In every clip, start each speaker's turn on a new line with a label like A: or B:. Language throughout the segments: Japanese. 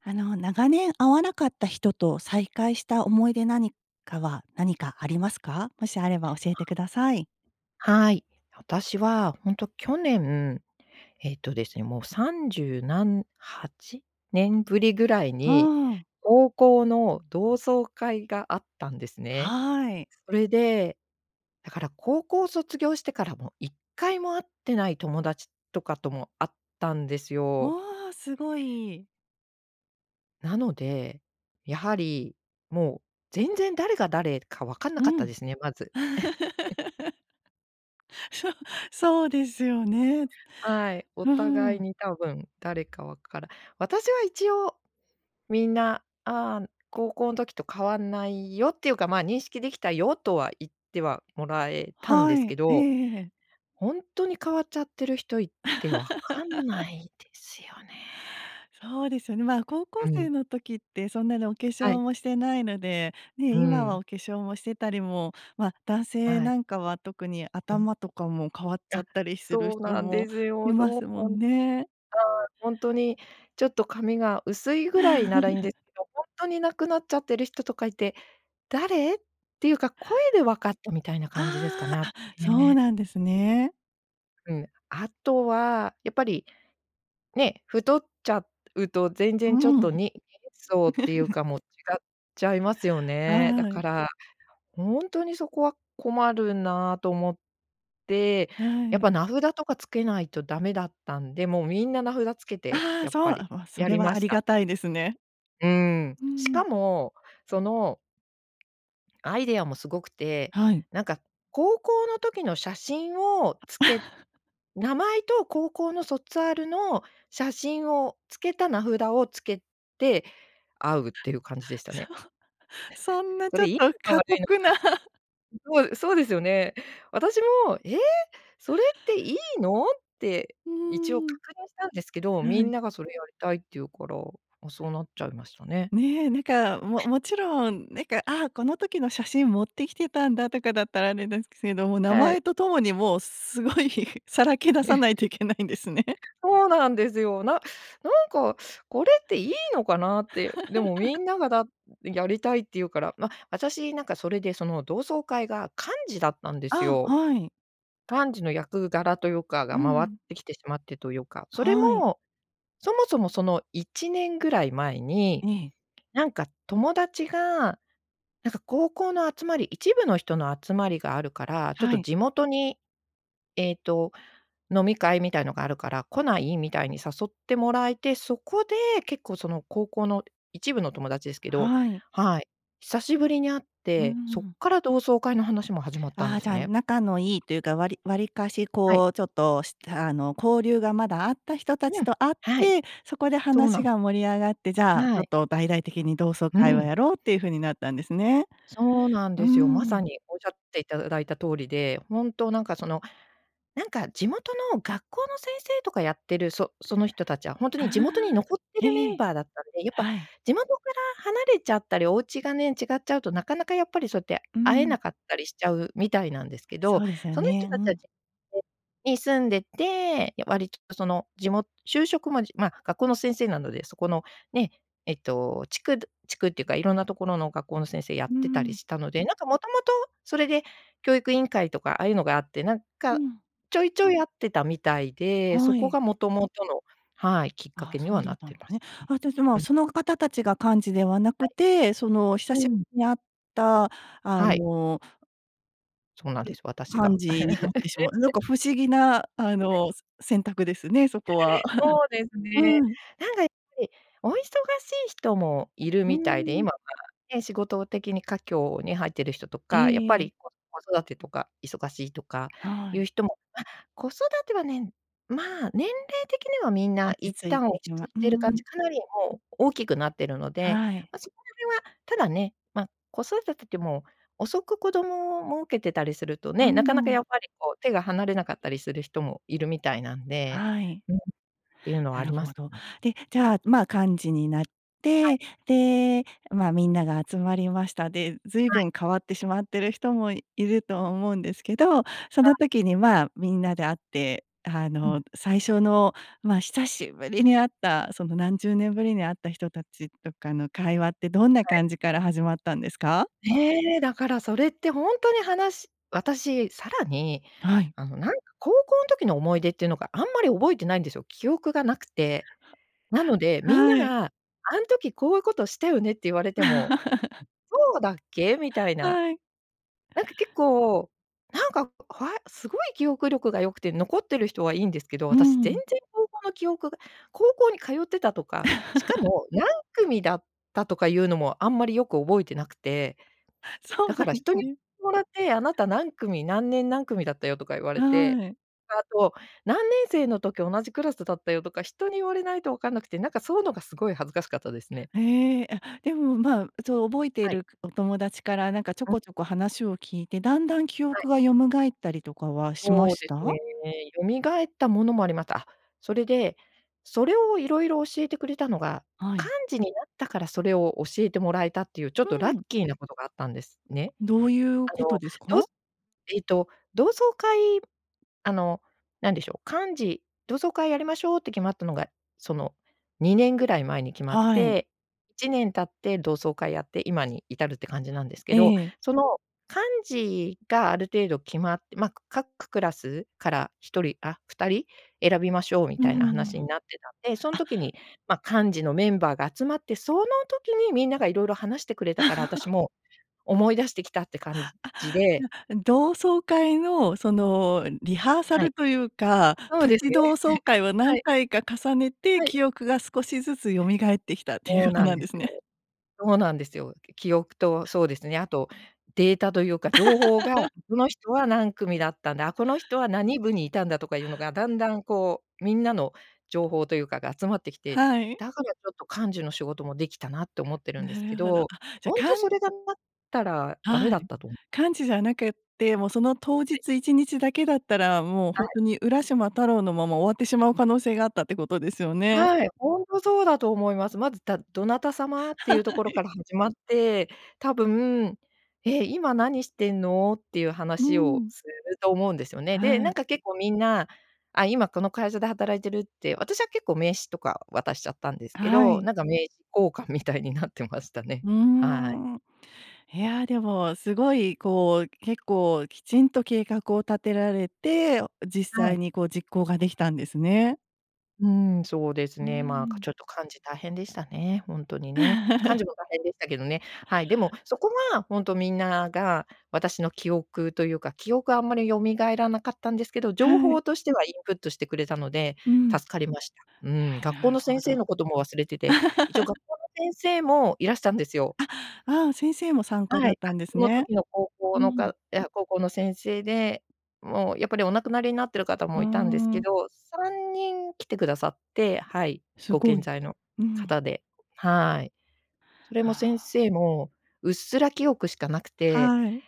A: あの、長年会わなかった人と再会した思い出何かは、何かありますか？もしあれば、教えて ください。
B: はい。私は、ほんと去年、えっとですね、もう三十何8年ぶりぐらい
A: うー
B: に、
A: ん。
B: 高校の同窓会があったんですね。
A: はい。
B: それで、だから高校卒業してからも、一回も会ってない友達とかとも会ったんです
A: う
B: よ。
A: わ、すごい。
B: なので、やはり、もう、全然誰が誰か分かんな
A: う
B: かった
A: ん。
B: ですね、まず。
A: そう、そうですよね。う
B: はい、お
A: ー
B: 互い
A: ん。
B: に多分誰か分から私は一応みんな「ああ、高校ん時と変わんないよ」っていうか、ま、「認識できたよ」とは言ってはもらえたんで
A: は
B: すけ
A: い。ええ
B: ど、
A: ええ。
B: ほんとに変わっちゃってる人いて、分かんな いですよね。
A: そうですよね。ま、高
B: う
A: 校生
B: ん。
A: の時ってそんなにお化
B: は
A: 粧
B: い。
A: もしてないので、ね、
B: うー
A: 今は
B: ん。
A: お化粧もしてたりも、ま、男性
B: はい。
A: なんかは特に
B: うん。
A: 頭とかも、変わっちゃ
B: あ、
A: ったりする
B: そう
A: 人
B: なん
A: も
B: です
A: い
B: よ、
A: ま
B: そう
A: すも
B: ほん
A: んね。
B: ああ、ほんとにちょっと髪が薄いぐらいならいいん ですけど、ほんとになくなっちゃってる人とかいて、誰？っていうか声で分かったみたいな感じですか
A: あ
B: ね、
A: あ。
B: あ
A: あ、そう
B: ね。
A: なんですね。
B: うん、あとは、やっぱり、ね、太っちゃうと全然ちょっ
A: うん。
B: と、に人相っていう か、もう違っちゃいますよね。だ
A: は
B: か
A: い。
B: ら、ほんとにそこは困るなと思って、
A: は
B: やっ
A: い。
B: ぱ名札とかつけないとダメだったんで、もうみんな名札つけて、
A: ああ、
B: やっ
A: そ
B: ぱ
A: う。あ、
B: り、
A: わ、そ
B: や
A: れ
B: り
A: は
B: ま
A: あ
B: し
A: りが
B: た。
A: たいですね。
B: うーん。
A: うー
B: し
A: ん。
B: かも、そのアイデアもすごくて、
A: はい。
B: なんか高校の時の写真をつけ 名前と高校の卒アルの写真をつけた名札をつけて、会うっていう感じでした
A: そ
B: ね。
A: そん な、
B: そ
A: ちょ
B: れ、
A: っ
B: いい
A: と、
B: のか
A: 過
B: 悪いの
A: 酷な。
B: か。そう、そうですよね。私も、ええ！それっていいの？って
A: う
B: 一応
A: ーん。
B: 確認したんですけど、み
A: は
B: ん
A: い。
B: ながそれやりたいって言うから、あ、そうなっちゃいましたね。
A: ね、なんか、ももちろん、なんか、あ、この時の写真持ってきてたんだ、とかだったら、あれですけども、名
B: はい。
A: 前とともにもう、すごい、さらけ出さ ないといけないんですね。
B: そうなんですよ。ななんか、これっていいのかなって。でもみ んながだやりたいって言うから。ま、私なんか、それで、その同窓会が幹事だったんです
A: あ、
B: よ。
A: はい。
B: 幹事の役柄というか
A: う
B: が回っ
A: ん。
B: てきてしまってというか。それ
A: はい。
B: も、そもそもその1年ぐらい前に、
A: ええ。
B: なんか友達が、なんか高校の集まり一部の人の集まりがあるから、ちょっ
A: は
B: と
A: い。
B: 地元に、えっと、飲み会みたいのがあるから、来ない？みたいに誘ってもらえて。そこで、結構その高校の一部の友達ですけど
A: はい。
B: はい、久しぶりに会っ
A: うー
B: て、そっ
A: ん。
B: から同窓会の話も始まったん
A: あ
B: で
A: あ、
B: す
A: じゃあ、
B: ね。
A: 仲のいいというか、わりわりかし
B: はい。
A: こう、ちょっとした、あの、交流がまだあった人
B: う
A: 達
B: ん。
A: と会っ
B: はい。
A: て、そこで
B: そうな
A: 話
B: ん。
A: が盛り上がって、じゃあ、ちょ
B: は
A: っ
B: い。
A: と大々的に同窓
B: う
A: 会を
B: ん。
A: やろうっていう風になったんですね。
B: そうなん
A: うー
B: ですよ。まさ
A: ん。
B: におしゃっていただいた通りで、ほんとなんかその、なんか地元の学校の先生とかやってる、そその人たちはほんと
A: あ
B: に地元に
A: あ。
B: 残ってる
A: え
B: メン
A: え。
B: バーだったんで、やっぱ
A: はい。
B: 地元から離れちゃったり、お家がね、違っちゃうと、なかなかやっぱりそうやって、
A: うー
B: 会え
A: ん。
B: なかったりしちゃうみたいなんですけど。
A: そうですよ
B: その人
A: ね。う
B: たちはち
A: ん。
B: に住んでて、わりとその、地も就職、ま、じま、学校の先生なので、そこの、ね、えっと、地区ど地区っていうか色んなところの学校の先生やっ
A: うー
B: てたり
A: ん。
B: したので。なんか元々それで教育委員会とか、ああいうのがあって、なん
A: う
B: か、
A: ん。
B: ちょいちょい会ってたみたいで、そ
A: は
B: こ
A: い。
B: が元々の、はい、きっか
A: ああ、
B: けに
A: そう
B: はな
A: だっ
B: っ
A: たん
B: て
A: で
B: ま
A: すね。
B: したね。
A: あ、たしま、
B: うん。
A: その方たちが幹事ではな
B: は
A: くて、その、久
B: い。
A: し
B: うん。
A: に会った、あ
B: はい。
A: の
B: そうなん
A: う
B: です、私
A: ん。
B: が。
A: 幹事になってしまう なん
B: え。
A: か不思議なあのせ選択ですね、そこは。
B: そうで すね。
A: はい。
B: なんかやっぱり、お忙しい人もいる
A: うー
B: みたいで、
A: ん。
B: 今はね、仕事的に佳境に入ってる人と
A: え
B: か、やっ
A: え
B: ぱ
A: ええ。
B: り子子育てとか忙しいとか
A: は
B: いう
A: い。
B: 人もま、子育てはね、まあ年齢的にはみん
A: 落
B: な
A: ち
B: 一
A: 着い
B: 旦
A: て
B: 落
A: き
B: ち
A: ま
B: 着い
A: う
B: てる感
A: ん。
B: じかなりもう大きくなってるので、
A: はい。
B: ま、そこら辺は、ただね、ま、子育てって、もう、遅く子供をもうけてたりすると
A: うー
B: ね、なかなか
A: ん。
B: やっぱりこう手が離れなかったりする人もいるみたいなんで、
A: はい。
B: うん、っていうのは
A: な
B: あ
A: る
B: りま
A: ほ
B: す。
A: ど。で、じゃあ、ま、幹事になっ
B: はい。
A: て、で、まあ、みんなが集まりました。で、随
B: はい。
A: 分変わってしまってる人もいると思うんですけど、そ
B: は
A: の
B: い。
A: 時にまあ、みんなで会って、あ
B: う
A: の、
B: ん。
A: 最初の、まあ、久しぶりに会った、その、何十年ぶりに会った人達とかの会話ってどんな
B: はい。
A: 感じから始まったんですか？
B: ね、だからそれってほんとに、話私、さらに、
A: はい。
B: あの、なんか高校ん時の思い出っていうのが、あんまり覚えてないんですよ、記憶がなくて。なので、みんな
A: はい。
B: が「あん時こういうことしたよね？」って言われても、「そうだっけ？」みたいな。
A: はい。
B: なんか結構、なんか、ふわすごい、記憶力が良くて残ってる人はいいんですけど、
A: う
B: 私、全
A: ん。
B: 然高校の記憶が高校に通ってたとか、しか も、何組だったとかいうのもあんまりよく覚えてなくて、
A: そうな
B: だ
A: ん
B: から
A: で
B: 人
A: す
B: に、
A: ね。
B: もらって、「あなた何組、何年何組だったよ」とか言われて、
A: はい。
B: で、あと、「何年生の時同じクラスだったよ」とか、人に言われないとわかんなくて、なんかそうのがすごい恥ずかしかったですね。
A: へえ、あ、でも、まあ、そう、覚えてい
B: はい。
A: るお友達からなんかちょ
B: うん。
A: こちょこ話を聞いて、だんだん記
B: はい。
A: 憶が蘇ったりとかはしま
B: そう
A: し
B: です
A: た？
B: ね、よみがえったものもありました。あ、それで、それをいろいろ教えてくれたのが、
A: はい。
B: 幹事になったからそれを教えてもらえたっていうちょっ
A: う
B: とラッ
A: ん。
B: キーなことがあったんですね。
A: どういう
B: あ
A: こと
B: の、
A: です
B: どう
A: か？
B: そえと、同窓会あの、なんでしょう、幹事同窓会やりましょうって決まったのが、その、2年ぐらい前に決まっ
A: はい。
B: て、1年経って同窓会やって今に至るって感じなんですけ
A: え
B: ど、
A: え。
B: その、幹事がある程度決まっま、各クラスから1人、あ、2人？選びましょうみ
A: う
B: たいな
A: んう
B: 話に
A: ん。
B: なってたんで、そん
A: あっ。
B: 時に、ま、幹事のメンバーが集まって、その時にみんながいろいろ話してくれたから、あたし も思い出してきたって感じ
A: あ、
B: じで
A: じゃ、同窓会のそのリハーサ
B: は
A: ル
B: い。
A: というか、
B: そう
A: プ
B: です
A: チ
B: ね。
A: 同 窓会は
B: は
A: 何
B: い。
A: 回か重ねて、
B: はい。
A: 記憶が少しずつ蘇ってきたってい
B: そ
A: う
B: う
A: は
B: なん
A: なん
B: で
A: で
B: す
A: すね。
B: よ。そうなんですよ。記憶と、そうですね、あとデータというか情報が、「この人は何組だったんだ、あ、この人は何部にいたんだ」とかいうのが、だんだんこう、みんなの情報というかが集まってきて、
A: はい。
B: だからちょっと幹事の仕事もできたなって思ってるん
A: な
B: ですけ
A: るほど。あ、
B: ど、
A: じゃ、
B: ほんと
A: かん
B: それがなかったらダメ
A: はい。
B: だったとおも
A: 幹事じゃなくって、もうその当
B: はい。
A: 日一日だけだったら、もうほ
B: は
A: ん
B: い。
A: とに浦島太郎のまま終わってしまう可能性があったってことですよね。
B: はい、ほんとそうだと思います。まず、だ「どなた様？」って
A: は
B: いうところ
A: い。
B: からはじまって、多分、「え、今何してんの？」っていう
A: う
B: 話を
A: ん。
B: すると思うんですよね。で、
A: は
B: なん
A: い。
B: か結構みんな、「あ、今この会社で働いてる」って、私は結構名刺とか渡しちゃったんです
A: あ、
B: け
A: は
B: ど、
A: い。
B: なんか名刺交換みたいになってましたね。
A: うー
B: はい。
A: ん。いや、でもすごいこう、結構きちんと計画を立てられて、実
B: は
A: 際
B: い。
A: にこう実行ができたんですね。
B: うん、そうです
A: う
B: ね。ま、か
A: ん。
B: ちょっと幹事大変でしたね、ほんとにね。幹 事も大変でしたけどね。はい、でも、そこがほんとみんなが私の記憶というか、記憶はあんまり蘇らなかったんですけど、情
A: はい。
B: 報としてはインプットしてくれたので、
A: うん。
B: 助かりました。うん、
A: あ、
B: 学校
A: なる
B: の
A: ほ
B: 先生
A: ど。
B: のことも忘れてて、一応学 校の先生もいらしたんですよ。
A: あ、ああ、先生も参加
B: は
A: だっ
B: い。あ、
A: たんです
B: その
A: ね。
B: 時の高校
A: う
B: の
A: ん。
B: かいや、高校の先生で、もうやっぱりお亡くなりになっている方
A: う
B: も
A: ー
B: いたんですけ
A: ん。
B: ど、3人来てくださって。はい、
A: す
B: ご
A: ご
B: 健
A: い。
B: 在の
A: うん。
B: 方で、はい。それも
A: あ
B: 先
A: あ。
B: 生も、うっすら記憶しかなくて、
A: はい。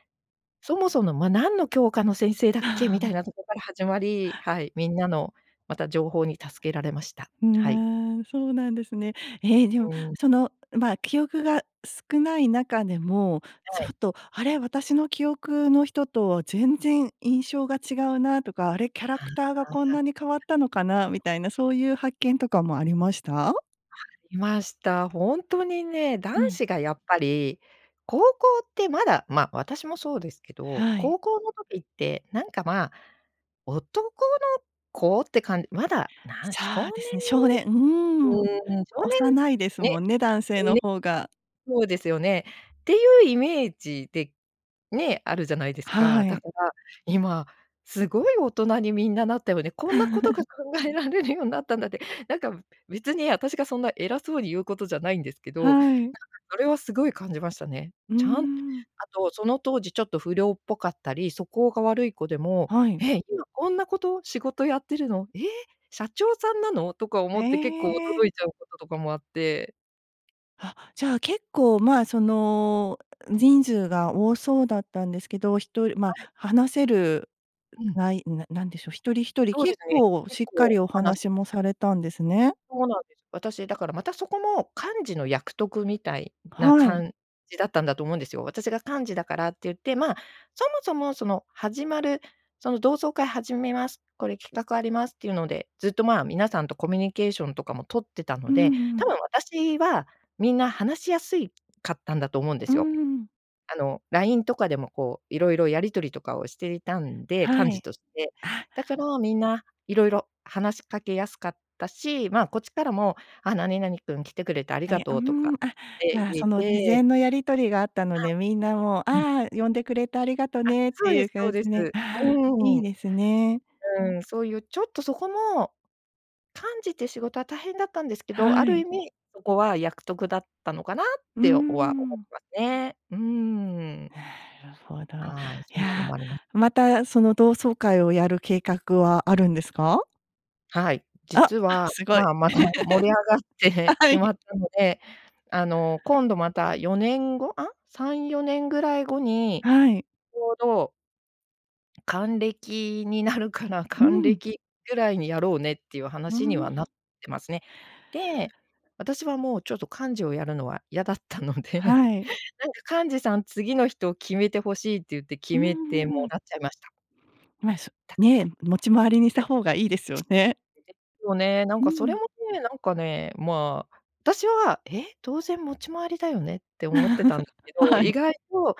B: そもそも、ま、何の教科の先生だっけ？み
A: あ
B: たい
A: あ。
B: なとこから始まり、はい、みんなのまた情報に助けられました。はい。
A: んね、そうなんですね。え、でも
B: うん。
A: その、ま、記憶が少ない中でも、
B: は
A: ちょ
B: い。
A: っとあれ、私の記憶の人と全然印象が違うなとか、あれキャラ
B: あ
A: クターがこんな
B: あ。
A: に変わったのかなみたいな、そういう発見とかもありました？
B: ありました。ほんとにね、男
A: うん。
B: 子がやっぱり、高校ってまだ、ま、私もそうですけど、
A: はい。
B: 高校の時ってなんか、ま、男の子って感まだ、なん、
A: そ
B: 少
A: うですね、少年、うん、
B: 年うん、少年
A: 幼いですも
B: ね、
A: んね、男性
B: ん、
A: の
B: ね、
A: 方が。
B: そうですよね。っていうイメージで、ね、あるじゃないです
A: は
B: か。だ
A: い。
B: から、今、すごい大人にみんななったよね、こんなことが 考えられるようなったんだって、なんか別に私がそんな偉そうに言うことじゃないんですけど、なんか
A: はい。
B: それはすごい感じましたね。
A: う
B: ちゃんあ
A: ん。
B: と、その当時ちょっと不良っぽかったり、素行が悪い子でも
A: はい。
B: 「え、今こんなこと、仕事やってるの？え、社長さんなの？」とか思
A: へ
B: って結構
A: え。
B: 驚いちゃうこととかもあって。
A: は、じゃあ結構、まあその、人数が多そうだったんですけど、一人
B: は
A: ま、
B: い。
A: 話せる
B: うん。
A: ない、ななんでしょう、一人一人、
B: そうで
A: 結
B: すね。
A: 構
B: 結
A: しっか
B: 構、
A: りお
B: 話
A: 話
B: しま
A: も
B: した。
A: されたんですね。
B: そうなんです。私、だからまたそこも、幹事の役得みたいな
A: はい。
B: 感じだったんだと思うんですよ。私が幹事だからって言って、まあ、そもそもその、始まるその、「同窓会始めます、これ企画あります」っていうので、ずっとまあ、皆さんとコミュニケーションとかも取ってた
A: う
B: の
A: ん
B: で、
A: う
B: 多
A: ん。
B: 分私はみんな話しやすいかったんだと思うんで
A: うー
B: すよ。
A: ん。
B: あの、LINE とかでもこう色々やり取りとかをしていたんで、
A: は
B: 幹事
A: い。
B: として。
A: あ。
B: だからみんな、色々話しかけやすかったし、まあこっちからも、「あ、何々くん来てくれてあり
A: あ
B: が
A: れあ、う
B: と
A: ー
B: う」とか
A: ん、あ、
B: って
A: まあ
B: 言
A: その事
B: えて。
A: 前のやり取りがあったの
B: は
A: で、みんなもう、
B: い。うん。
A: 「ああ、呼んでくれてありがと
B: あ、
A: ね」って
B: そう
A: い
B: で
A: う
B: すそう
A: 感じ
B: です。
A: でああ、
B: うん。
A: いいですね。
B: うん、そういう、ちょっとそこも、幹事って仕事は大変だったんですけど、あ
A: は
B: る
A: い。
B: 意味、そこは役得だったのかなっ
A: うー
B: ては思っ
A: ん。
B: てますね。うーん。
A: なるほど。
B: はい、
A: い
B: そんなの
A: や、
B: もあります。
A: またその同窓会をやる計画はあるんですか？
B: はい、
A: あ、
B: 実は、
A: すごい。
B: まあ、また盛り上がって
A: は
B: し
A: い。
B: まったので、あの、今度また4年後？あ、3、4年ぐらい後に、
A: はい。
B: ちょうど還暦になるから、
A: う
B: 還
A: ん。
B: 暦ぐらいにやろうねっていう
A: うー
B: 話にはな
A: ん。
B: ってますね。で、私はもう、ちょっと幹事をやるのは嫌だったので、なん
A: はい。
B: か幹事さん、次の人を決めて欲しいって言って
A: う
B: 決
A: んう
B: めても
A: んうん。
B: らっちゃいました。
A: まあ、そ
B: だけど
A: ね、持ち回りにし
B: は
A: た
B: い。で
A: 方がいいですよね。
B: すよね、なん
A: う
B: かそれ
A: ん。
B: もね、なんかね、まあ、私は「え？当然持ち回りだよね」って思ってたんで すけど、
A: は
B: 意
A: い。
B: 外と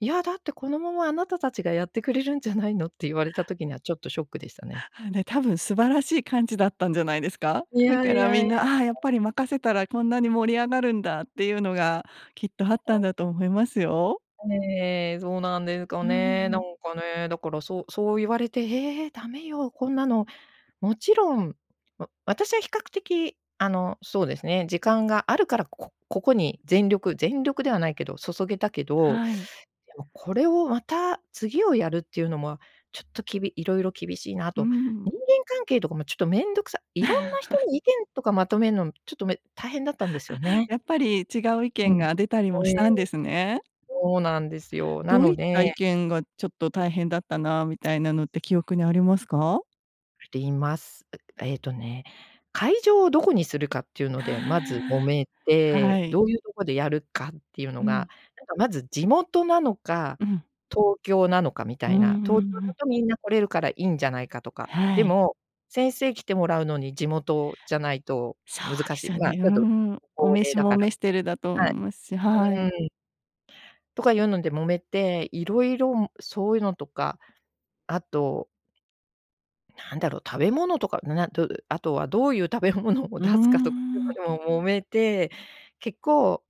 B: 「いや、だってこのまま、あなたたちがやってくれるんじゃないの？」って言われた時にはちょっとショックでしたね。
A: ああ、ね、多分素晴らしい幹事だったんじゃないですか。
B: い
A: だ
B: や
A: か
B: い
A: ら
B: や
A: み
B: いや。
A: ん、「ああ、やっ ぱり任せたらこんなに盛り上がるんだ」っていうのがきっとあったん
B: あ。
A: だと思いますよ。
B: ええええ、そうなんですか
A: うん
B: ね、な
A: う
B: ん
A: ん。
B: かね、だからそう、そう言われて「え！ダメよ、こんなの、もちろんわ私は比較的、あの、そうですね、時間があるから、こここに全力全力ではないけど注げたけど、
A: はい。
B: でもこれをまた次をやるっていうのもは、ちょっときびいろいろ厳しいな
A: う
B: と。
A: ん。
B: 人間関係とかもちょっとめんどくさいろんな人 の意見とかまとめんのも、ちょっとめ大変だったんですよ
A: あ、
B: ね。
A: やっぱり違う意
B: う
A: 見
B: ん。
A: が出たりも
B: え
A: し
B: え。
A: たんですね。
B: そうなんですよ。な
A: どう
B: の
A: いった意
B: で
A: 見がちょっと大変だったなみたいなのって記憶にありますか？
B: ています。ええとね、会場をどこにするかっていうので、まず揉
A: あ
B: め
A: あ、は
B: て。
A: い。
B: どういうとこでやるかっていう
A: う
B: のが、
A: ん。
B: なんかまず地元なのか、
A: うん。
B: 東京なのかみた
A: うんう
B: い
A: ん
B: な。東京
A: う
B: だ
A: ん。
B: とみんな来れるからいいんじゃないかとか。で
A: はい。
B: も、先生来てもらうのに地元じゃないと
A: そう
B: 難
A: で
B: し
A: す
B: い、
A: よ
B: ま、
A: ね、
B: ち
A: う
B: ょっと
A: ん。御
B: 高
A: 召
B: 齢だ
A: もお
B: から
A: 召し
B: み
A: てるんだと思い
B: た
A: ますし、は
B: いな。はい。
A: い。
B: うーん。とかいうので揉めて、色々んそういうのとか、あとなんだろう、食べ物とか。などあとはどういう食べ物を
A: うー
B: 出すかとかい
A: ん。
B: うのでも揉めて、結構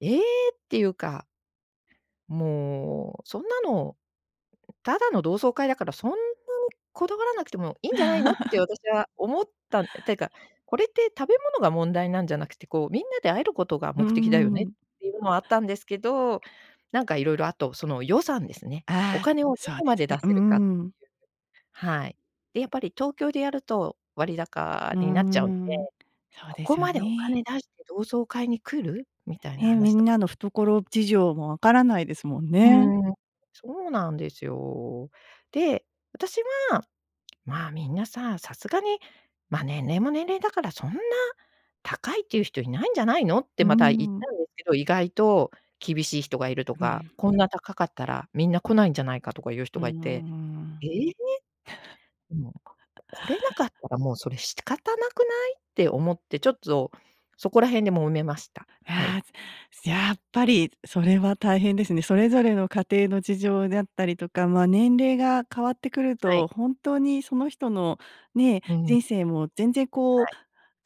B: 「ええ！」っていうかもう「そんなのただの同窓会だから、そんなにこだわらなくてもいいんじゃないの？」って 私は思った、ていうか「これって食べ物が問題なんじゃなくて、こうみんなで会えることが
A: うー
B: 目的だよね」
A: ん。
B: っていうのもあったんですけど、なんかいろいろあと、その予算ですね。お
A: ああ、
B: 金をど
A: そうで
B: こま
A: す
B: で
A: ね。
B: 出
A: うー
B: せるか。
A: ん。
B: はい。で、やっぱり東京でやると割高
A: うー
B: になっちゃうんで
A: ん。そう
B: 「こ
A: で
B: こ
A: すよ
B: までお
A: ね。
B: 金出して同窓会に来る？」みたいな
A: ね、み
B: 話
A: ん
B: とか。
A: なの懐事情も分からないですもん
B: う
A: ね。
B: ん。そうなんですよ。で、私は「まあみんなさ、さすがに、ま、年齢も年齢だから、そんな高いっていう人いないんじゃないの？」って
A: う
B: また言っ
A: ーん。
B: たんですけど、意外と厳しい人がいると
A: う
B: か、
A: ん。
B: こんな高かったらみんな来ないんじゃないかとか言う
A: う
B: 人
A: ー
B: がいて「え
A: ん。
B: え？でも、来れなかったらもうそれ仕方なくない？」って思って、ちょっとそこら辺で揉めました。
A: い
B: はい。
A: や、やっぱりそれは大変ですね。それぞれの家庭の事情であったりとか、ま、年齢が変わってくる
B: はい。
A: と、本当にその人のね、
B: うん。
A: 人生も全然こう
B: はい。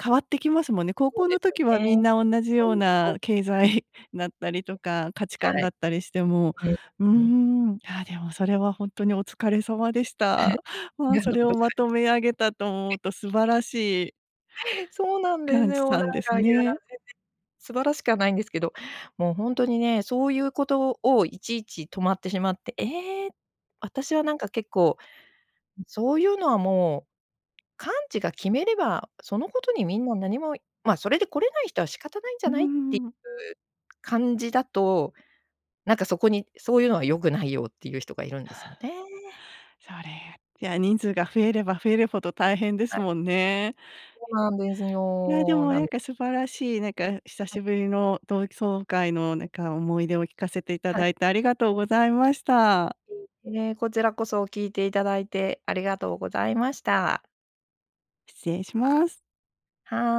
A: 変わってきますもんね。高
B: そう
A: 校
B: で
A: の
B: すよ
A: 時はみん
B: ね。
A: な同じよ
B: そ
A: う
B: ういう [unintelligible] は
A: な
B: い。
A: 経済だったりとか、価値観
B: は
A: だ
B: い。
A: ったりしても、
B: うん。
A: うー
B: うん。
A: ん。いや、でもそれは本当にお疲れ様でした。
B: あり
A: ま、
B: が
A: そ
B: とう
A: れ
B: ご
A: を
B: ざい
A: まと
B: ま
A: め
B: す。
A: 上げたと思う
B: [unintelligible]
A: と素晴らしい
B: そうなんです
A: 幹事
B: よ。なん
A: さんです
B: かいや、全
A: ね。
B: 然、素晴らしくはないんですけど、もう本当にね、そういうことをいちいち止まってしまって、ええ。私はなんか結構、ん、「そういうのはもう、幹事が決めれば、そのことにみんな何も、ま、それで来れない人は仕方ないんじ
A: う
B: ゃ
A: ー
B: ない？」ってい
A: ん。
B: う感じだと、なんかそこに「そういうのは良くないよ」っていう人がいるんですよね。
A: それ、いや人数が増えれば増えるほど大変で
B: は
A: す
B: い。
A: もんね。
B: そうなんです
A: いや、で
B: よ。
A: も
B: な
A: なん
B: の
A: か素晴らしい、なんか久
B: は
A: し
B: い。
A: ぶりの同窓会のなんか思い出を聞かせていた
B: はい。
A: だいてありがとうございました。
B: いいえ、こちらこそ聞いていただいてありがとうございました。
A: 失礼します。
B: は